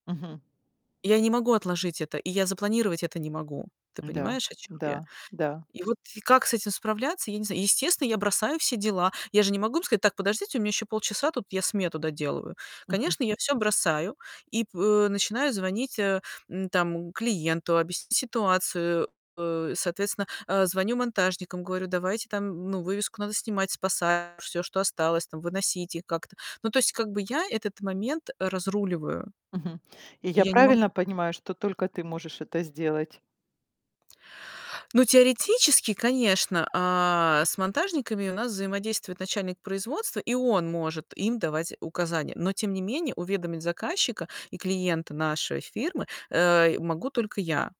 Мгм. Я не могу отложить это, и я запланировать это не могу. Ты Да, понимаешь, о чём я? да, да. И вот и как с этим справляться, я не знаю. Естественно, я бросаю все дела. Я же не могу им сказать: "Так, подождите, у меня ещё полчаса, тут я смету доделываю". Мгм. Конечно, я всё бросаю и п начинаю звонить, э, м, там, клиенту, объяснить ситуацию, э, соответственно, э, звоню монтажникам, говорю: "Давайте там, ну, вывеску надо снимать, спасать, всё, что осталось, там, выносить их как-то". Ну, то есть, как бы, я этот момент разруливаю. Мгм. И И я я не могу правильно понимаю, что только ты можешь это сделать? Ну, теоретически, конечно, э, с монтажниками у нас взаимодействует начальник производства, и он может им давать указания. Но тем не менее уведомить заказчика и клиента нашей фирмы, э, могу только я.